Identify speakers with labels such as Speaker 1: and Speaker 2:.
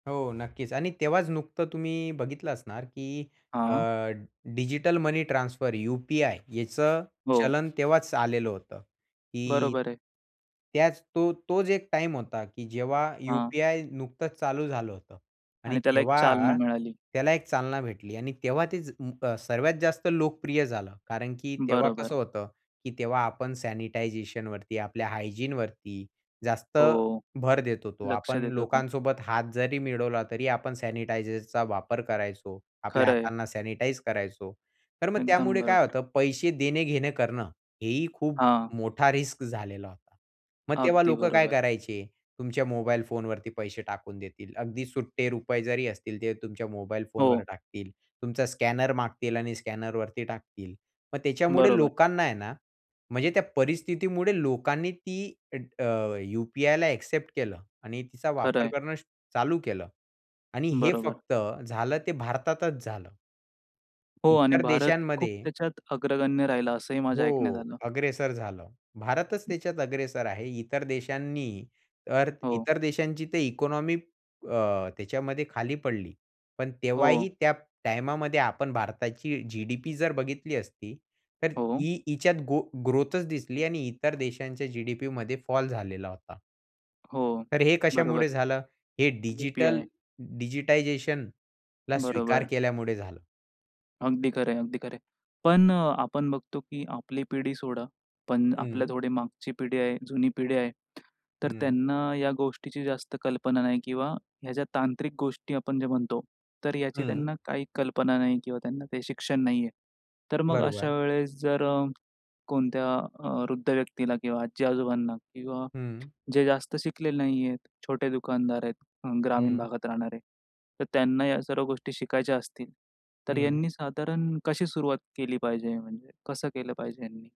Speaker 1: हो नक्कीच आणि तेव्हाच नुकतं तुम्ही बघितलं असणार की अ,
Speaker 2: हां.
Speaker 1: डिजिटल मनी ट्रान्सफर यू-पी-आय याचं
Speaker 2: हो.
Speaker 1: चलन तेव्हाच आलेलं होतं की
Speaker 2: बरोबर आहे.
Speaker 1: त्याच तो तोच एक टाईम होता की जेव्हा
Speaker 2: हां.
Speaker 1: यू-पी-आय नुकतंच चालू झालं होतं. आणि
Speaker 2: आणि त्याला एक चालना
Speaker 1: तेव्हा
Speaker 2: मिळाली.
Speaker 1: त्याला एक चालना भेटली आणि तेव्हा ते ज अ, सर्वात जास्त लोकप्रिय झालं. कारण की तेव्हा
Speaker 2: बरोबर.
Speaker 1: कसं होतं? की तेव्हा आपण सॅनिटायझेशन वरती आपल्या हायजीन वरती जास्त
Speaker 2: हो.
Speaker 1: भर देत होतो.
Speaker 2: लक्ष
Speaker 1: आपण
Speaker 2: देतो तो.
Speaker 1: लोकांसोबत हात जरी मिळवला तरी आपण सॅनिटायझरचा वापर करायचो. आपल्या
Speaker 2: खरं आहे.
Speaker 1: हातांना सॅनिटाईज करायचो. तर मग
Speaker 2: एकदम
Speaker 1: त्यामुळे काय
Speaker 2: बरोबर.
Speaker 1: होतं? पैसे देणे घेणे करणं हेही खूप
Speaker 2: हां.
Speaker 1: मोठा रिस्क झालेला होता. मग तेव्हा
Speaker 2: अगदी
Speaker 1: लोक काय
Speaker 2: बरोबर.
Speaker 1: करायचे? तुमच्या मोबाईल फोनवरती पैसे टाकून देतील. अगदी सुट्टे रुपये जरी असतील, ते तुमच्या मोबाईल फोनवर
Speaker 2: हो.
Speaker 1: टाकतील. तुमचा स्कॅनर मागतील आणि स्कॅनरवरती टाकतील. मग त्याच्यामुळे
Speaker 2: बरोबर.
Speaker 1: लोकांना आहे ना, म्हणजे त्या परिस्थितीमुळे लोकांनी ती अ, अ, यू-पी-आयला ॲक्सेप्ट केलं आणि तिचा
Speaker 2: खरं
Speaker 1: वापर
Speaker 2: आहे.
Speaker 1: करणं स चालू केलं. आणि हे
Speaker 2: बरोबर.
Speaker 1: फक्त झालं ते भारतातच झालं.
Speaker 2: हो आणि
Speaker 1: इतर
Speaker 2: भारत खूप
Speaker 1: देशांमध्ये
Speaker 2: त्याच्यात अग्रगण्य राहिला असंही माझ्या ऐकण्यात
Speaker 1: हो.
Speaker 2: आलं.
Speaker 1: अग्रेसर झालं. भारतच त्याच्यात अग्रेसर आहे. इतर देशांनी तर
Speaker 2: हो.
Speaker 1: इतर देशांची तर इकॉनॉमी अ, त्याच्यामध्ये खाली पडली. पण
Speaker 2: हो.
Speaker 1: तेव्हाही त्या टाईमामध्ये आपण भारताची जी-डी-पी जर बघितली असती तर
Speaker 2: हो.
Speaker 1: ई हिच्यात गो ग्रोथच दिसली आणि इतर देशांच्या जी-डी-पी मध्ये फॉल झालेला होता.
Speaker 2: हो,
Speaker 1: तर हे कशामुळे
Speaker 2: बरोबर.
Speaker 1: झालं. हे डिजिटल
Speaker 2: यू-पी-आय.
Speaker 1: डिजिटायझेशनला स्वीकार
Speaker 2: बरोबर.
Speaker 1: केल्यामुळे झालं.
Speaker 2: अगदी खरं आहे, अगदी खरं आहे. पण अ, आपण बघतो कि आपली पिढी सोडा. पण आपल्या
Speaker 1: हं.
Speaker 2: थोडी मागची पिढी आहे जुनी पिढी आहे. तर
Speaker 1: हं.
Speaker 2: त्यांना या गोष्टीची जास्त कल्पना नाही किंवा ह्या ज्या तांत्रिक गोष्टी आपण जे म्हणतो, तर याची
Speaker 1: हं.
Speaker 2: त्यांना काही कल्पना नाही किंवा त्यांना काही शिक्षण नाही आहे. तर मग
Speaker 1: बरोबर.
Speaker 2: अशावेळेस जर अ, कोणत्या अ, वृद्ध व्यक्तीला किंवा आजी-आजोबांना किंवा
Speaker 1: हं.
Speaker 2: जे जास्त शिकलेले नाही आहेत, छोटे दुकानदार आहेत, ग्रामीण
Speaker 1: हं.
Speaker 2: भागात राहणारे. तर त्यांना या सर्व गोष्टी शिकायच्या असतील. तर
Speaker 1: हं.
Speaker 2: यांनी साधारण कशी सुरुवात केली पाहिजे? म्हणजे कसं केलं पाहिजे यांनी?